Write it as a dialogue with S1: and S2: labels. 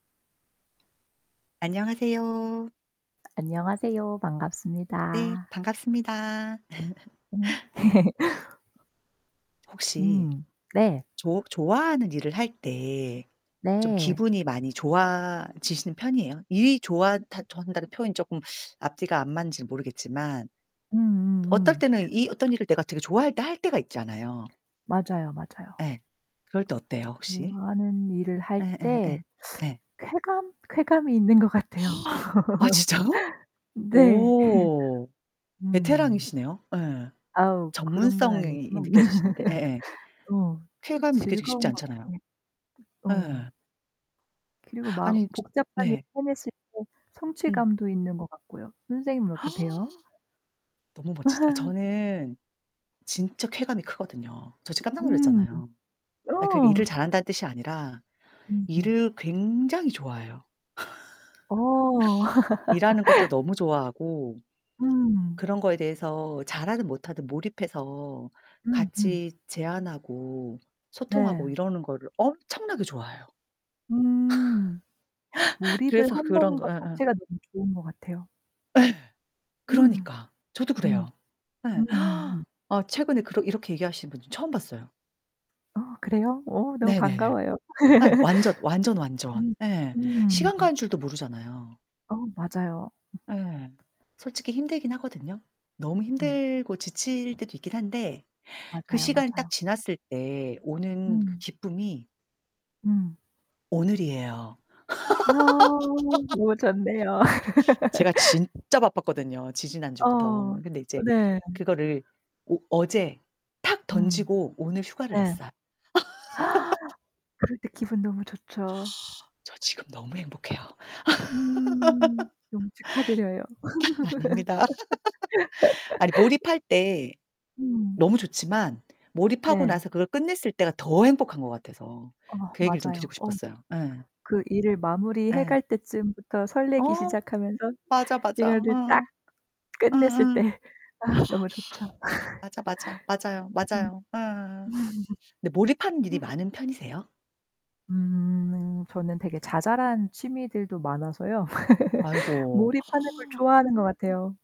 S1: 안녕하세요.
S2: 안녕하세요.
S1: 네.
S2: 반갑습니다.
S1: 반갑습니다.
S2: 음.
S1: 혹시
S2: 음 네.
S1: 조 좋아하는 일을 할 때 좀
S2: 네.
S1: 기분이 많이 좋아지시는 편이에요? 이 좋아한다 좋아한다는 표현이 쪼끔 앞뒤가 안 맞는지 모르겠지만 어떨
S2: 음음음.
S1: 때는 이 어떤 일을 내가 되게 좋아할 때 할 때가 있잖아요.
S2: 맞아요, 맞아요.
S1: 예. 그럴 때 어때요 혹시?
S2: 좋아하는 일을 할
S1: 예예예
S2: 때
S1: 예.
S2: 쾌감, 쾌감이 있는 것 같아요.
S1: 아 진짜요?
S2: 네.
S1: 오.
S2: 음.
S1: 베테랑이시네요. 예.
S2: 아우 그런 건
S1: 전문성이
S2: 아니지만
S1: 느껴지시는데. 예예.
S2: 어
S1: 쾌감이 느껴지기 쉽지
S2: 즐거운 것
S1: 않잖아요.
S2: 같아요. 어.
S1: 예.
S2: 그리고 막
S1: 아니 즈
S2: 복잡한 일을
S1: 네.
S2: 해 냈을 때
S1: 음.
S2: 성취감도 있는 것 같고요. 선생님은 어떠세요?
S1: 너무 멋지다. 저는 진짜 쾌감이 크거든요. 저 지금 깜짝
S2: 음.
S1: 놀랐잖아요. 아 그러니까
S2: 어.
S1: 일을 잘한다는 뜻이 아니라
S2: 음음.
S1: 일을 굉장히 좋아해요.
S2: 어.
S1: 일하는 것도 너무 좋아하고
S2: 음.
S1: 그런 거에 대해서 잘하든 못하든 몰입해서
S2: 음음.
S1: 같이 제안하고 소통하고
S2: 네.
S1: 이러는 거를 엄청나게 좋아해요.
S2: 음. 몰입을
S1: 그래서 그런
S2: 한다는
S1: 거
S2: 것
S1: 예예.
S2: 자체가 너무 좋은 것 같아요.
S1: 예.
S2: 음.
S1: 그러니까. 저도
S2: 음.
S1: 그래요. 예.
S2: 음음음.
S1: 아 최근에 그러 이렇게 얘기하시는 분 처음 봤어요
S2: 어 그래요? 어 너무
S1: 네네네.
S2: 반가워요.
S1: 아이 완전, 완전, 완전.
S2: 음
S1: 예. 시간
S2: 음음.
S1: 가는 줄도 모르잖아요.
S2: 어 맞아요. 음.
S1: 예. 솔직히 힘들긴 하거든요. 너무
S2: 음.
S1: 힘들고 지칠 때도 있긴 한데 그
S2: 맞아요,
S1: 시간이 딱
S2: 맞아요.
S1: 지났을 때 오는 그
S2: 음.
S1: 기쁨이
S2: 음.
S1: 오늘이에요.
S2: 아. 뭐 좋네요.
S1: 제가 진짜 바빴거든요 지지난
S2: 어.
S1: 주부터. 근데 이제
S2: 네.
S1: 그거를 오 어제 탁
S2: 음.
S1: 던지고 오늘 휴가를
S2: 네.
S1: 냈어요.
S2: 그럴 때 기분 너무 좋죠.
S1: 저 지금 너무 행복해요. 아
S2: 음. 너무 축하드려요.
S1: 아닙니다. 아니 몰입할 때
S2: 음.
S1: 너무 좋지만 몰입하고
S2: 네.
S1: 나서 그걸 끝냈을 때가 더 행복한 것 같아서
S2: 어
S1: 그 얘기를 좀
S2: 맞아요.
S1: 드리고
S2: 어.
S1: 싶었어요. 예.
S2: 그 일을 마무리해
S1: 예.
S2: 갈 때쯤부터 설레기
S1: 어.
S2: 시작하면서
S1: 맞아, 맞아.
S2: 이거를 딱
S1: 응. 응응.
S2: 끝냈을 때 아 너무 좋죠.
S1: 맞아, 맞아, 맞아요,
S2: 음.
S1: 맞아요. 음 음. 근데 몰입하는 일이 많은 편이세요?
S2: 음. 저는 되게 자잘한 취미들도 많아서요.
S1: 아이고.
S2: 몰입하는 걸 좋아하는 것 같아요.